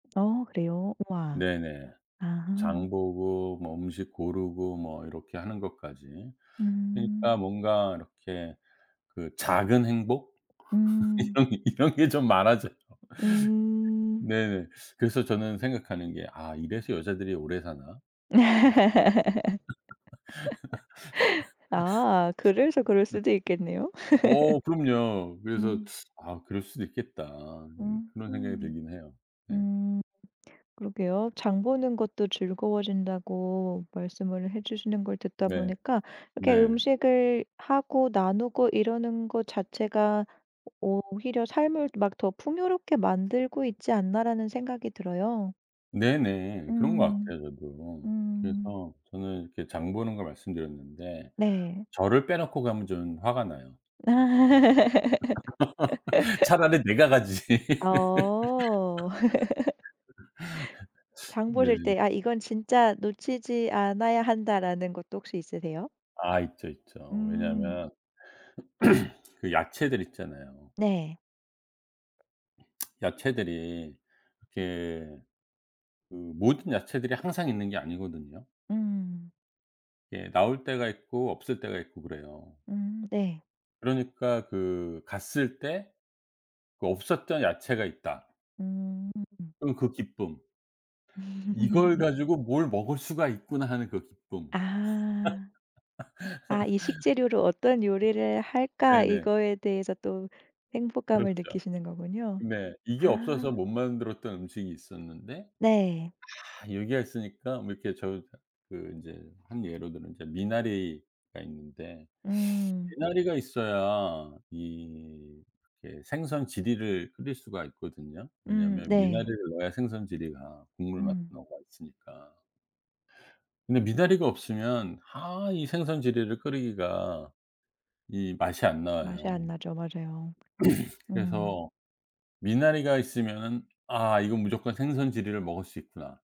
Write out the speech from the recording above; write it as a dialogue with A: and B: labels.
A: 어 그래요? 와.
B: 네네.
A: 아.
B: 장보고 뭐 음식 고르고 뭐 이렇게 하는 것까지. 그러니까
A: 음.
B: 뭔가 이렇게 그 작은 행복?
A: 음.
B: 이런게 좀 많아져요.
A: 음.
B: 네네. 그래서 저는 생각하는 게 '이래서 여자들이 오래 사나?'
A: 아. 그래서 그럴 수도 있겠네요.
B: 어 그럼요. 그래서
A: 음.
B: 아 그럴 수도 있겠다. 이제 그런 생각이
A: 음음.
B: 들긴 해요. 네.
A: 음. 그러게요. 장 보는 것도 즐거워진다고 말씀을 해주시는 걸 듣다
B: 네.
A: 보니까 이렇게
B: 네.
A: 음식을 하고 나누고 이러는 것 자체가 오히려 삶을 막 더 풍요롭게 만들고 있지 않나라는 생각이 들어요.
B: 네네. 그런 것
A: 음.
B: 같아요 저도.
A: 음.
B: 그래서 저는 이렇게 장 보는 걸 말씀드렸는데
A: 네.
B: 저를 빼놓고 가면 저는 화가 나요. 차라리 내가 가지.
A: 어. 장
B: 네.
A: 보실 때 아 이건 진짜 놓치지 않아야 한다라는 것도 혹시 있으세요?
B: 아 있죠. 있죠.
A: 음.
B: 왜냐하면 그 야채들 있잖아요.
A: 네.
B: 야채들이 이렇게 그 모든 야채들이 항상 있는 게 아니거든요.
A: 음.
B: 예. 나올 때가 있고 없을 때가 있고 그래요.
A: 음 네.
B: 그러니까 그 갔을 때 그 없었던 야채가 있다.
A: 음.
B: 그럼 그 기쁨. 이걸 가지고 뭘 먹을 수가 있구나 하는 그 기쁨.
A: 아. 아 이 식재료로 어떤 요리를 할까?
B: 네네.
A: 이거에 대해서 또 행복감을
B: 그렇죠.
A: 느끼시는 거군요.
B: 네. 이게 없어서
A: 아.
B: 못 만들었던 음식이 있었는데
A: 네.
B: 아 여기에 있으니까 뭐 이렇게 저 그 이제 한 예로 들면 이제 미나리가 있는데
A: 음.
B: 미나리가 있어야 이 예 생선지리를 끓일 수가 있거든요.
A: 음
B: 왜냐하면
A: 네.
B: 미나리를 넣어야 생선 지리가 국물 맛도
A: 음.
B: 더. [unintelligible] 근데 미나리가 없으면 아 이 생선지리를 끓이기가 이 맛이 안
A: 맛이
B: 나와요.
A: 안 나죠. 맞아요. 음.
B: 그래서 미나리가 있으면은 아 이건 무조건 생선지리를 먹을 수 있구나.